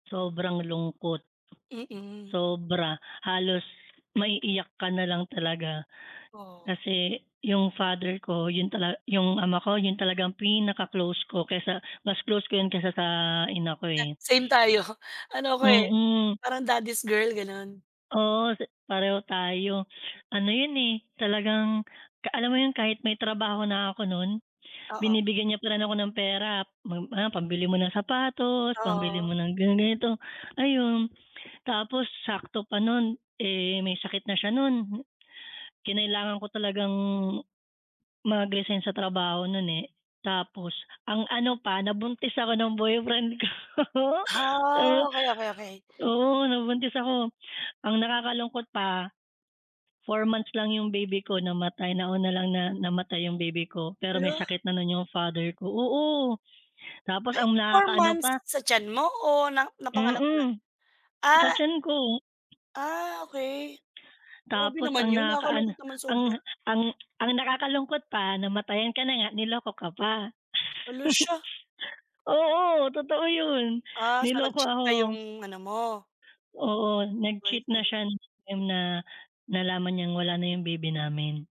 Sobrang lungkot. Mm. Sobra, halos maiiyak ka na lang talaga. Oh. Kasi yung father ko yun tala yung ama ko yun talagang pinaka-close ko kesa mas close ko yun kesa sa ina ko Na eh. same tayo, ano ko eh, Mm. parang daddy's girl, gano'n. Oo, pareho tayo, ano yun eh, talagang alam mo yun kahit may trabaho na ako nun, Oo. binibigyan niya pa rin ako ng pera, ah, pambili mo ng sapatos, pambili Oo. mo ng ganito, ayun, tapos sakto pa nun, eh, may sakit na siya nun, kinailangan ko talagang, mag-resign sa trabaho nun eh, tapos ang ano pa, nabuntis ako ng boyfriend ko. Oo Ha, okey okey okey. oo nabuntis ako, ang nakakalungkot pa, 4 months lang yung baby ko namatay, nauna lang na namatay yung baby ko pero may Hala. sakit na yung father ko oo tapos Ay ang 4 nakaka-ano months pa sa tiyan mo? O na napanganak mo na? Mm. Sa Ah tiyan ko. Ah, okey. Grabe Tapos naman ang yun, nakaka-ano nakakalungkot naman ang sobra. ang ang nakakalungkot pa, namatayan ka na nga, niloko ka pa. Hala siya. Oo, totoo yun, Ah, sa niloko nag-cheat na ako. yung ano mo Oo, nag-cheat na boyfriend. siya nung time na nalaman niyang wala na yung baby namin.